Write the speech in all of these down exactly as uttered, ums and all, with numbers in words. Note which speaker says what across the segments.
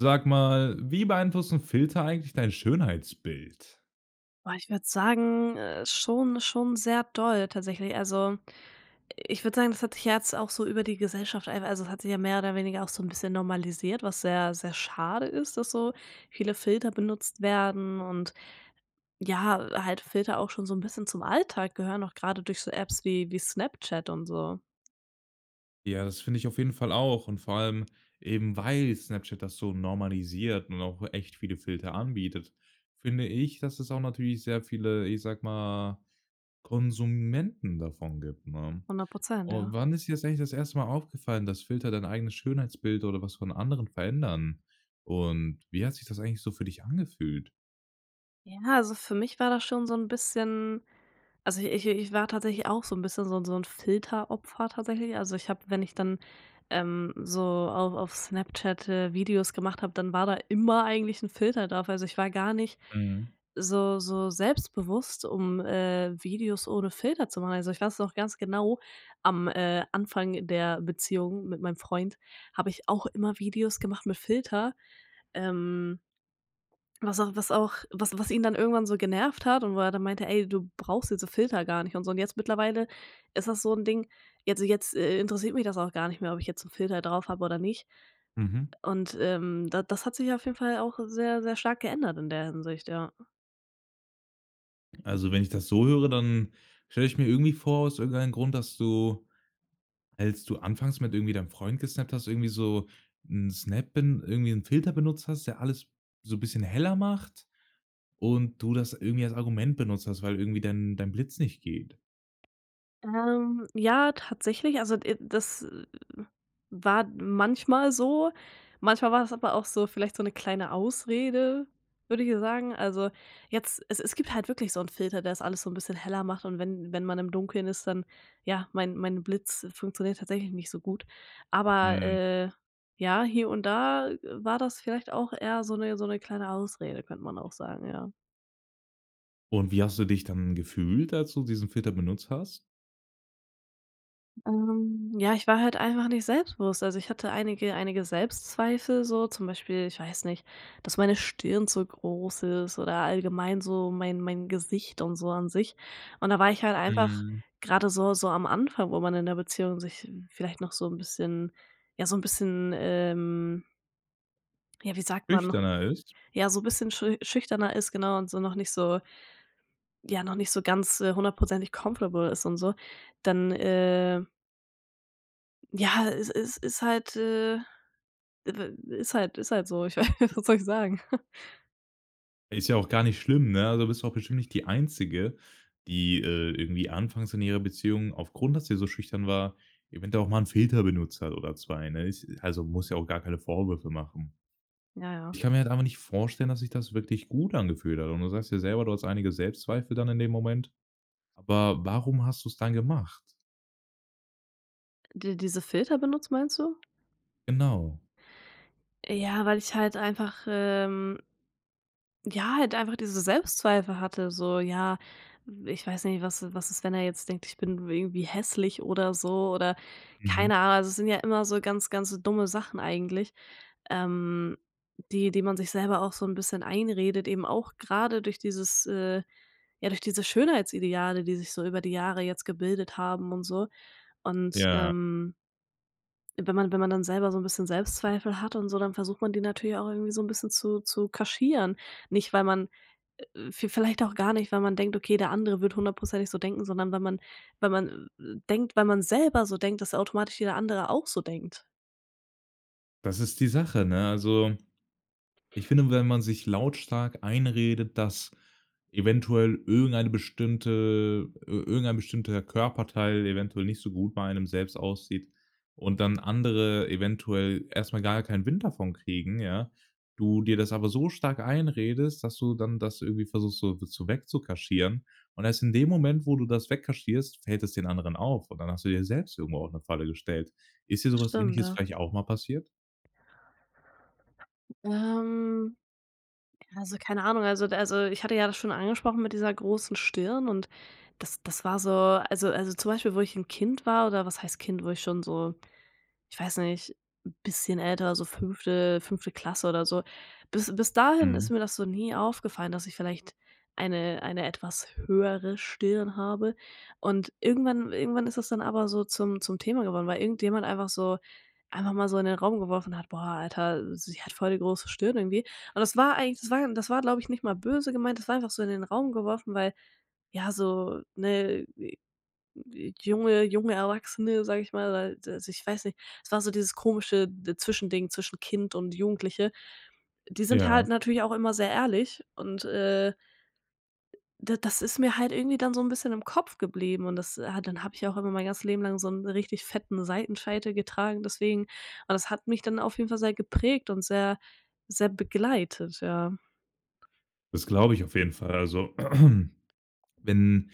Speaker 1: Sag mal, wie beeinflussen Filter eigentlich dein Schönheitsbild?
Speaker 2: Oh, ich würde sagen, äh, schon schon sehr doll tatsächlich. Also, ich würde sagen, das hat sich ja jetzt auch so über die Gesellschaft einfach also, es hat sich ja mehr oder weniger auch so 'n bisschen normalisiert, was sehr, sehr schade ist, dass so viele Filter benutzt werden. Und, ja, halt Filter auch schon so 'n bisschen zum Alltag gehören, auch grade durch so Apps wie wie Snapchat und so.
Speaker 1: Ja, das finde ich auf jeden Fall auch. Und vor allem eben, weil Snapchat das so normalisiert und auch echt viele Filter anbietet, finde ich, dass es auch natürlich sehr viele, ich sage mal, Konsumenten davon gibt, ne?
Speaker 2: hundert Prozent,
Speaker 1: Oh,
Speaker 2: ja.
Speaker 1: wann ist dir das eigentlich das erste Mal aufgefallen, dass Filter dein eigenes Schönheitsbild oder was von anderen verändern? Und wie hat sich das eigentlich so für dich angefühlt?
Speaker 2: Ja, also, für mich war das schon so 'n bisschen also, ich ich war tatsächlich auch so 'n bisschen so 'n so 'n Filteropfer tatsächlich. Also, ich habe, wenn ich dann, ähm, so auf auf Snapchat, äh, Videos gemacht habe, dann war da immer eigentlich 'n Filter drauf. Also, ich war gar nicht
Speaker 1: Mhm.
Speaker 2: so so selbstbewusst, um, äh, Videos ohne Filter zu machen. Also, ich weiß noch ganz genau, am, äh, Anfang der Beziehung mit meinem Freund habe ich auch immer Videos gemacht mit Filter. Ähm was auch was auch was was ihn dann irgendwann so genervt hat und wo er dann meinte: „Ey, du brauchst jetzt so Filter gar nicht“ und so. Und jetzt mittlerweile ist das so 'n Ding, jetzt so jetzt, äh, interessiert mich das auch gar nicht mehr, ob ich jetzt 'n Filter drauf habe oder nicht.
Speaker 1: Mhm.
Speaker 2: Und, ähm, da das hat sich auf jeden Fall auch sehr, sehr stark geändert in der Hinsicht, ja.
Speaker 1: Also wenn ich das so höre, dann stelle ich mir irgendwie vor aus irgendeinen Grund, dass du als du anfangs mit irgendwie deinem Freund gesnappt hast, irgendwie so 'n Snap bin irgendwie 'n Filter benutzt hast, der alles so bisschen heller macht und du das irgendwie als Argument benutzt hast, weil irgendwie dein dein Blitz nicht geht.
Speaker 2: Ähm, ja, tatsächlich also, äh, das war manchmal so. Manchmal war das aber auch so vielleicht so 'ne kleine Ausrede, würde ich dir sagen. Also jetzt es es gibt halt wirklich so 'n Filter, der das alles so 'n bisschen heller macht und wenn wenn man im Dunkeln ist, dann ja, mein mein Blitz funktioniert tatsächlich nicht so gut. Aber,
Speaker 1: Mhm.
Speaker 2: äh, ja hier und da war das vielleicht auch eher so 'ne so 'ne kleine Ausrede, könnte man auch sagen, ja.
Speaker 1: Und wie hast du dich dann gefühlt, als du diesen Filter benutzt hast?
Speaker 2: Ähm, ja, ich war halt einfach nicht selbstbewusst, also ich hatte einige einige Selbstzweifel so zum Beispiel ich weiß nicht, dass meine Stirn zu groß ist oder allgemein so mein mein Gesicht und so an sich. Und da war ich halt einfach
Speaker 1: Mhm.
Speaker 2: grade so so am Anfang, wo man in der Beziehung sich vielleicht noch so 'n bisschen ja so 'n bisschen ähm ja, wie sagt man noch
Speaker 1: Schüchterner ist?
Speaker 2: ja, so bisschen schü schüchterner ist genau und so noch nicht so ja noch nicht so ganz, äh, hundertprozentig comfortable ist und so, dann, äh ja es es ist halt, äh, w ist halt ist halt so. Ich weiß was soll ich sagen,?
Speaker 1: Ist ja auch gar nicht schlimm, ne? Also, da bist du auch bestimmt nicht die Einzige, die, äh, irgendwie anfangs in ihrer Beziehung aufgrund, dass sie so schüchtern war, eventuell auch mal 'n Filter benutzt hat oder zwei, ne? Ist also muss ja auch gar keine Vorwürfe machen.
Speaker 2: Ja, ja.
Speaker 1: Ich kann mir halt einfach nicht vorstellen, dass sich das wirklich gut angefühlt hat. Und du sagst ja selber, du hast einige Selbstzweifel dann in dem Moment. Aber warum hast du's dann gemacht?
Speaker 2: Die diese Filter benutzt meinst du?
Speaker 1: Genau.
Speaker 2: Ja, weil ich halt einfach, ähm ja, halt einfach diese Selbstzweifel hatte so, ja, ich weiß nicht, was i was ist, wenn er jetzt denkt, ich bin irgendwie hässlich oder so oder
Speaker 1: Mhm.
Speaker 2: keine Ahnung. Es sind ja immer so ganz, ganz dumme Sachen eigentlich, ähm, die die man sich selber auch so 'n bisschen einredet, eben auch grade durch dieses äh, ja, durch diese Schönheitsideale, die sich so über die Jahre jetzt gebildet haben und so. Und,
Speaker 1: Ja.
Speaker 2: ähm wenn man wenn man dann selber so 'n bisschen Selbstzweifel hat und so, dann versucht man die natürlich auch irgendwie so 'n bisschen zu zu kaschieren, nicht weil man äh äh, v vielleicht auch gar nicht, weil man denkt: „Okay, der andere wird hundertprozentig so denken, sondern wenn man wenn man, äh, denkt wenn man selber so denkt, dass automatisch jeder andere auch so denkt.“
Speaker 1: Das ist die Sache, ne? Also, ich finde, wenn man sich lautstark einredet, dass eventuell irgendeine bestimmte ir irgendein bestimmter Körperteil eventuell nicht so gut bei einem selbst aussieht und dann andere eventuell erst mal gar keinen Wind davon kriegen, ja, du dir das aber so stark einredest, dass du dann das irgendwie versuchst, so, zu weg zu kaschieren. Und erst in dem Moment, wo du das weg kaschierst, fällt es den anderen auf, und dann hast du dir selbst irgendwo auch 'ne Falle gestellt. Ist dir so was
Speaker 2: Stimmt,
Speaker 1: Ähnliches
Speaker 2: ja.
Speaker 1: vielleicht auch mal passiert?
Speaker 2: Ähm, also, keine Ahnung also d also, ich hatte ja das schon angesprochen mit dieser großen Stirn und das das war so also also, zum Beispiel, wo ich 'n Kind war oder was heißt Kind, wo ich schon so ich weiß nicht, 'n bisschen älter, so fünfte fünfte Klasse oder so. Bis bis dahin
Speaker 1: Mhm.
Speaker 2: ist mir das so nie aufgefallen, dass ich vielleicht eine eine etwas höhere Stirn habe und irgendwann irgendwann ist das dann aber so zum zum Thema geworden, weil irgendjemand einfach so einfach mal so in den Raum geworfen hat: „Boah Alter, sie hat voll die große Stirn irgendwie.“ Und das war eigentlich das war das war, glaube ich, nicht mal böse gemeint, das war einfach so in den Raum geworfen, weil, ja, so ne, junge junge Erwachsene, sage ich mal, weil also, ich weiß nicht. Es war so dieses komische d Zwischending zwischen Kind und Jugendliche. Die sind halt
Speaker 1: Ja.
Speaker 2: natürlich auch immer sehr ehrlich und, äh d das ist mir halt irgendwie dann so 'n bisschen im Kopf geblieben. Und das, äh, hat dann habe ich ja auch immer mein ganzes Leben lang so 'n richtig fetten Seitenscheitel getragen deswegen. Aber das hat mich dann auf jeden Fall sehr geprägt und sehr sehr begleitet, ja.
Speaker 1: Das glaube ich auf jeden Fall. Also, wenn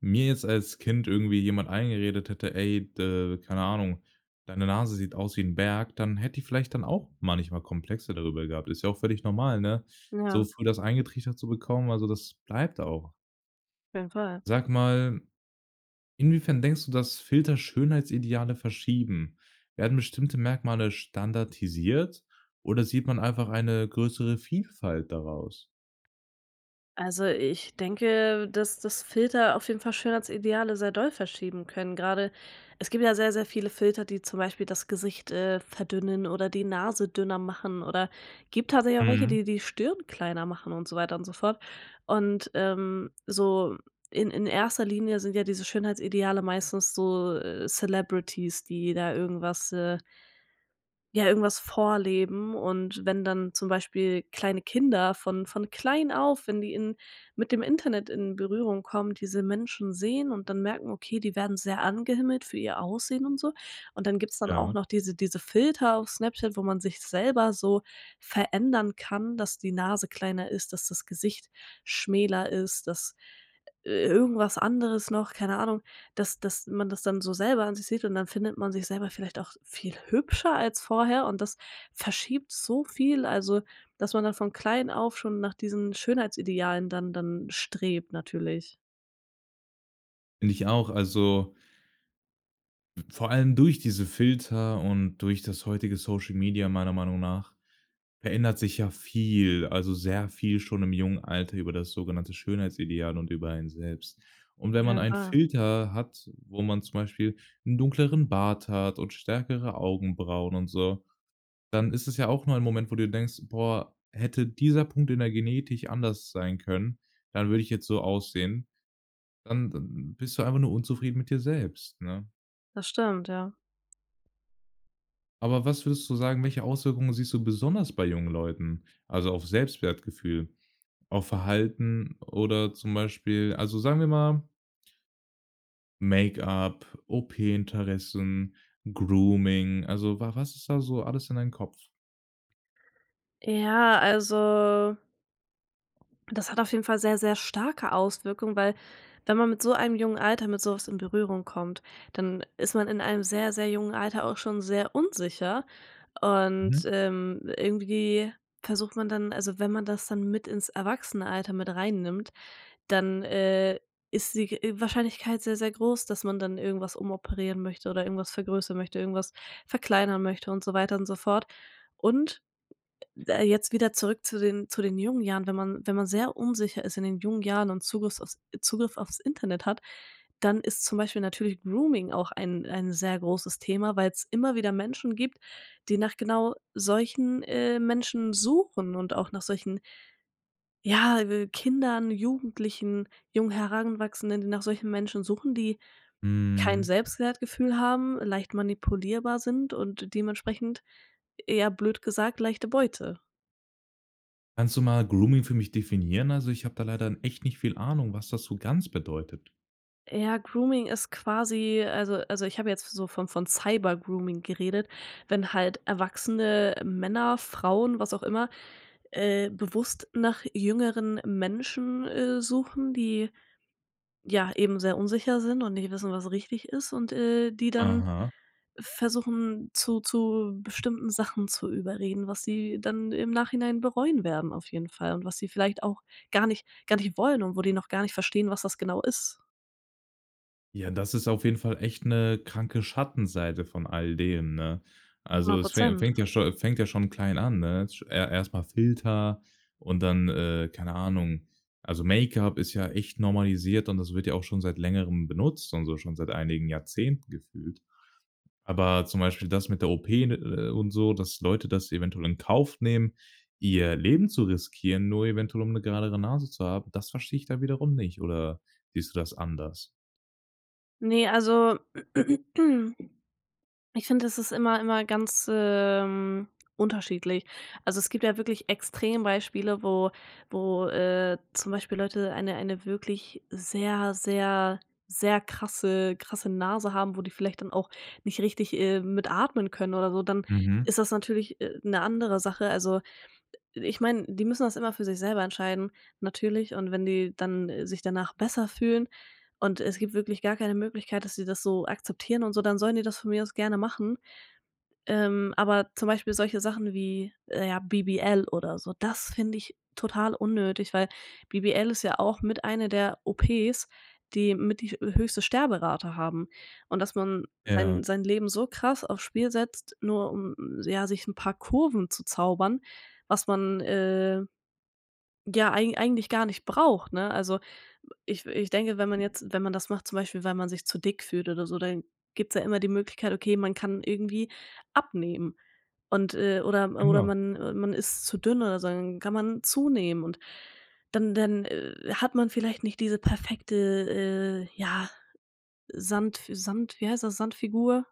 Speaker 1: mir jetzt als Kind irgendwie jemand eingeredet hätte: „Ey, d keine Ahnung, deine Nase sieht aus wie 'n Berg,“ dann hätte ich vielleicht dann auch manchmal Komplexe darüber gehabt. Ist ja auch völlig normal, ne, so
Speaker 2: Ja.
Speaker 1: früh das eingetrichtert zu bekommen, also, das bleibt auch.
Speaker 2: Auf jeden Fall.
Speaker 1: Sag mal, inwiefern denkst du, dass Filter Schönheitsideale verschieben? Werden bestimmte Merkmale standardisiert, oder sieht man einfach eine größere Vielfalt daraus?
Speaker 2: Also, ich denke, dass dass Filter auf jeden Fall Schönheitsideale sehr doll verschieben können. Grade es gibt ja sehr, sehr viele Filter, die zum Beispiel das Gesicht, äh, verdünnen oder die Nase dünner machen oder gibt tatsächlich auch welche,
Speaker 1: Mhm.
Speaker 2: die die Stirn kleiner machen und so weiter und so fort. Und, ähm, so in in erster Linie sind ja diese Schönheitsideale meistens so, äh, Celebrities, die da irgendwas, äh ja, irgendwas vorleben. Und wenn dann zum Beispiel kleine Kinder von von klein auf, wenn die in mit dem Internet in Berührung kommen, diese Menschen sehen und dann merken: „Okay, die werden sehr angehimmelt für ihr Aussehen und so.“ Und dann gibt's dann auch
Speaker 1: Ja.
Speaker 2: noch diese diese Filter auf Snapchat, wo man sich selber so verändern kann, dass die Nase kleiner ist, dass das Gesicht schmäler ist, dass i irgendwas anderes noch, keine Ahnung. Dass dass man das dann so selber an sich sieht und dann findet man sich selber vielleicht auch viel hübscher als vorher und das verschiebt so viel. Also, dass man dann von klein auf schon nach diesen Schönheitsidealen dann dann strebt natürlich.
Speaker 1: Finde ich auch. Also v vor allem durch diese Filter und durch das heutige Social Media meiner Meinung nach verändert sich ja viel, also, sehr viel schon im jungen Alter über das sogenannte Schönheitsideal und über einen selbst. Und
Speaker 2: Auf
Speaker 1: wenn man
Speaker 2: jeden
Speaker 1: einen
Speaker 2: Fall.
Speaker 1: Filter hat, wo man zum Beispiel 'n dunkleren Bart hat und stärkere Augenbrauen und so, dann ist es ja auch nur ein Moment, wo du denkst: „Boah, hätte dieser Punkt in der Genetich anders sein können, dann würde ich jetzt so aussehen.“ Dann dann bist du einfach nur unzufrieden mit dir selbst, ne?
Speaker 2: Das stimmt, ja.
Speaker 1: Aber was würdest du sagen, welche Auswirkungen siehst du besonders bei jungen Leuten, also, auf's Selbstwertgefühl, auf Verhalten oder zum Beispiel also, sagen wir mal Make-up, OP-Interessen, Grooming. Also, wa was ist da so alles in dein Kopf?
Speaker 2: Ja, also das hat auf jeden Fall sehr, sehr starke Auswirkungen, weil wenn man mit so einem jungen Alter mit so was in Berührung kommt, dann ist man in einem sehr, sehr jungen Alter auch schon sehr unsicher und,
Speaker 1: Mhm.
Speaker 2: ähm, irgendwie versucht man dann also, wenn man das dann mit ins Erwachsenenalter mit rein nimmt, dann, äh, ist die, äh, g Wahrscheinlichkeit sehr, sehr groß, dass man dann irgendwas umoperieren möchte oder irgendwas vergrößern möchte, irgendwas verkleinern möchte und so weiter und so fort. Und, äh, jetzt wieder zurück zu den zu den jungen Jahren. Wenn man wenn man sehr unsicher ist in den jungen Jahren und Zugriffs auf Zugriff auf's Internet hat, dann ist zum Beispiel natürlich Grooming auch ein ein sehr großes Thema, weil's immer wieder Menschen gibt, die nach genau solchen, äh, Menschen suchen und auch nach solchen, ja, äh, Kindern, Jugendlichen, jungen Heranwachsenden, die nach solchen Menschen suchen, die kein
Speaker 1: Mhm.
Speaker 2: Selbstwertgefühl haben, leicht manipulierbar sind und dementsprechend, eher blöd gesagt, leichte Beute.
Speaker 1: Kannst du mal Grooming für mich definieren? Also, ich habe da leider n echt nicht viel Ahnung, was das so ganz bedeutet.
Speaker 2: Ja, Grooming ist quasi also also, ich habe jetzt so von von Cybergrooming geredet, wenn halt erwachsene Männer, Frauen, was auch immer, äh, bewusst nach jüngeren Menschen, äh, suchen, die, ja, eben sehr unsicher sind und nicht wissen, was richtig ist und, äh, die dann
Speaker 1: Aha.
Speaker 2: versuchen, zu zu bestimmten Sachen zu überreden, was sie dann im Nachhinein bereuen werden auf jeden Fall und was sie vielleicht auch gar nicht gar nicht wollen und wo die noch gar nicht verstehen, was das genau ist.
Speaker 1: Ja, das ist auf jeden Fall echt 'ne kranke Schattenseite von all dem, ne? Also,
Speaker 2: hundert
Speaker 1: es fä
Speaker 2: Prozent.
Speaker 1: fängt ja scho fängt ja schon klein an, ne? Sch er erst mal Filter und dann, äh, keine Ahnung. Also, Make-up ist ja echt normalisiert und das wird ja auch schon seit Längerem benutzt und so, schon seit einigen Jahrzehnten gefühlt. Aber zum Beispiel das mit der OP, ne, äh, und so, dass Leute das eventuell in Kauf nehmen, ihr Leben zu riskieren, nur eventuell, um 'ne geradere Nase zu haben, das verstehe ich dann wiederum nicht oder siehst du das anders?
Speaker 2: Ne, also ich finde, das ist immer immer ganz, ähm, unterschiedlich. Also, es gibt ja wirklich Extrembeispiele, wo wo, äh, zum Beispiel Leute eine eine wirklich sehr, sehr, sehr krasse krasse Nase haben, wo die vielleicht dann auch nicht richtig, ähm, mit atmen können oder so, dann
Speaker 1: Mhm.
Speaker 2: ist das natürlich, äh, 'ne andere Sache. Also, ich meine, die müssen das immer für sich selber entscheiden natürlich, und wenn die dann sich danach besser fühlen und es gibt wirklich gar keine Möglichkeit, dass sie das so akzeptieren und so, dann sollen die das von mir aus gerne machen. Ähm, aber zum Beispiel solche Sachen wie, äh, ja, BBL oder so, das finde ich total unnötig. Weil BBL ist ja auch mit eine der OPs, die mit die höchste Sterberate haben und, dass man
Speaker 1: Ja.
Speaker 2: sein sein Leben so krass aufs Spiel setzt, nur um ja, sich 'n paar Kurven zu zaubern, was man, äh, ja, eigen eigentlich gar nicht braucht, ne? Also, ich ich denke, wenn man jetzt wenn man das macht, zum Beispiel, weil man sich zu dick fühlt oder so, dann gibt's ja immer die Möglichkeit, okay, man kann irgendwie abnehmen. Und, äh oder oder
Speaker 1: Genau.
Speaker 2: man äh, man ist zu dünn oder so, dann kann man zunehmen. Und, dann dann, äh, hat man vielleicht nicht diese perfekte, äh, ja Sandf Sand wie heißt das, Sandfigur?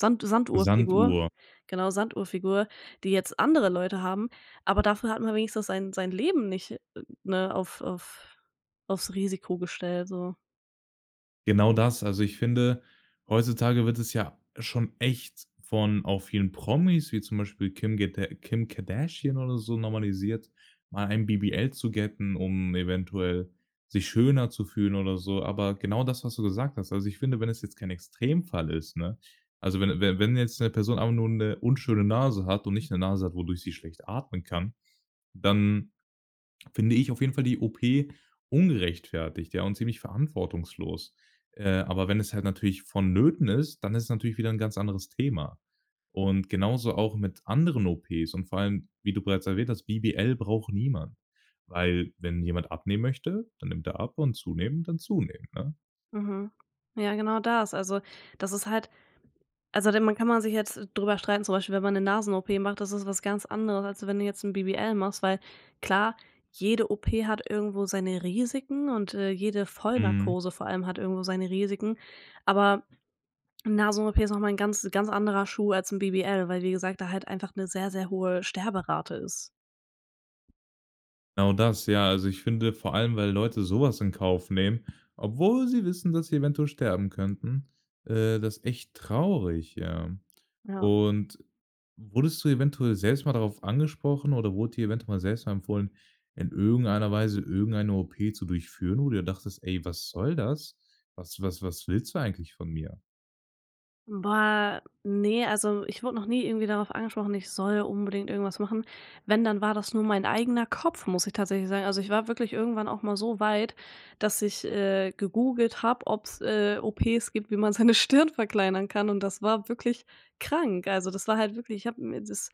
Speaker 2: Sand Sanduhrfigur,
Speaker 1: Sanduhr.
Speaker 2: genau Sanduhrfigur, die jetzt andere Leute haben, aber dafür hat man wenigstens sein sein Leben nicht, ne, auf auf auf's Risiko gestellt so.
Speaker 1: Genau das. Also, ich finde, heutzutage wird es ja schon echt von auch vielen Promis wie zum Beispiel Kim Gada Kim Kardashian oder so normalisiert, mal ein BBL zu getten, um eventuell sich schöner zu fühlen oder so. Aber genau das, was du gesagt hast. Also ich finde, wenn es jetzt kein Extremfall ist, ne? Also, wenn wenn wenn jetzt 'ne Person einfach nur 'ne unschöne Nase hat und nicht 'ne Nase hat, wodurch sie schlecht atmen kann, dann finde ich auf jeden Fall die OP ungerechtfertigt, ja und ziemlich verantwortungslos. Äh, aber wenn es halt natürlich vonnöten ist, dann ist es natürlich wieder 'n ganz anderes Thema. Und genauso auch mit anderen OPs und vor allem, wie du bereits erwähnt hast, BBL braucht niemand. Weil, wenn jemand abnehmen möchte, dann nimmt er ab und zunehmen, dann zunehmen, ne?
Speaker 2: Mhm, ja genau das. Also, das ist halt also dann man kann man sich jetzt drüber streiten, zum Beispiel wenn man 'ne Nasen OP macht, das ist was ganz anderes als wenn du jetzt 'n BBL machst, weil klar, jede OP hat irgendwo seine Risiken und, äh, jede
Speaker 1: Mhm.
Speaker 2: Vollnarkose vor allem hat irgendwo seine Risiken, aber 'ne Nasen OP ist noch mal 'n ganz ganz anderer Schuh als 'n BBL, weil, wie gesagt, da halt einfach 'ne sehr, sehr hohe Sterberate ist.
Speaker 1: Genau das. Ja, also ich finde vor allem, weil Leute so was in Kauf nehmen, obwohl sie wissen, dass sie eventuell sterben könnten, äh, das echt traurig, ja.
Speaker 2: Ja.
Speaker 1: Und wurdest du eventuell selbst mal darauf angesprochen oder wurde dir eventuell mal selbst mal empfohlen, in irgendeiner Weise irgendeine OP zu durchführen, wo du dir dachtest: „Ey, was soll das? Was was was willst du eigentlich von mir?“
Speaker 2: Boah, ne, also, ich wurde noch nie irgendwie darauf angesprochen, ich soll unbedingt irgendwas machen. Wenn, dann war das nur mein eigener Kopf, muss ich tatsächlich sagen. Also, ich war wirklich irgendwann auch mal so weit, dass ich, äh, gegoogelt habe, ob's, äh, OPs gibt, wie man seine Stirn verkleinern kann, und das war wirklich krank. Also das war halt wirklich ich habe mir das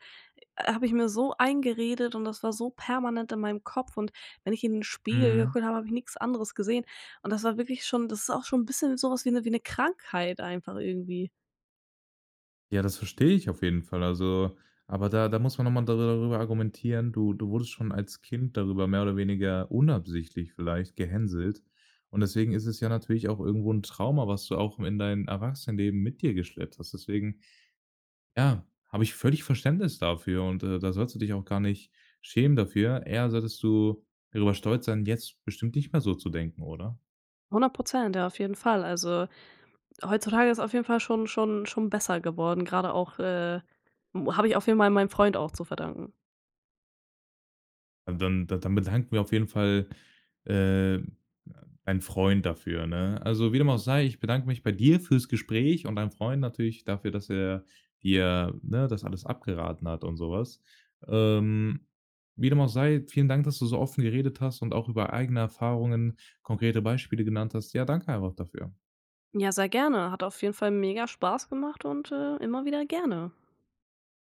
Speaker 2: habe ich mir so eingeredet und das war so permanent in meinem Kopf und wenn ich in 'n Spiegel
Speaker 1: Mhm.
Speaker 2: geguckt habe, habe ich nix anderes gesehen. Und das war wirklich schon das ist auch schon 'n bisschen so was wie 'ne wie 'ne Krankheit einfach irgendwie.
Speaker 1: Ja, das verstehe ich auf jeden Fall. Also aber da da muss man noch mal darüber argumentieren, du du wurdest schon als Kind darüber mehr oder weniger unabsichtlich vielleicht gehänselt. Und deswegen ist es ja natürlich auch irgendwo 'n Trauma, was du auch in dein Erwachsenenleben mit dir geschleppt hast. Deswegen ja, habe ich völlig Verständnis dafür und, äh, da sollst du dich auch gar nicht schämen dafür, eher solltest du darüber stolz sein, jetzt bestimmt nicht mehr so zu denken, oder?
Speaker 2: hundert Prozent, ja, auf jeden Fall, also, heutzutage ist auf jeden Fall schon schon schon besser geworden, grade auch, äh, [unintelligible] habe ich auch viel mei meinem Freund auch zu verdanken.
Speaker 1: Dann da dann bedanken wir auf jeden Fall, äh, ein Freund dafür, ne? Also, wie dem auch sei, ich bedanke mich bei dir fürs Gespräch und deinem Freund natürlich dafür, dass er dir, ne, das alles abgeraten hat und so was. Ähm, wie dem auch sei, vielen Dank, dass du so offen geredet hast und auch über eigene Erfahrungen konkrete Beispiele genannt hast. Ja, danke einfach dafür.
Speaker 2: Ja, sehr gerne. Hat auf jeden Fall mega Spaß gemacht und, äh, immer wieder gerne.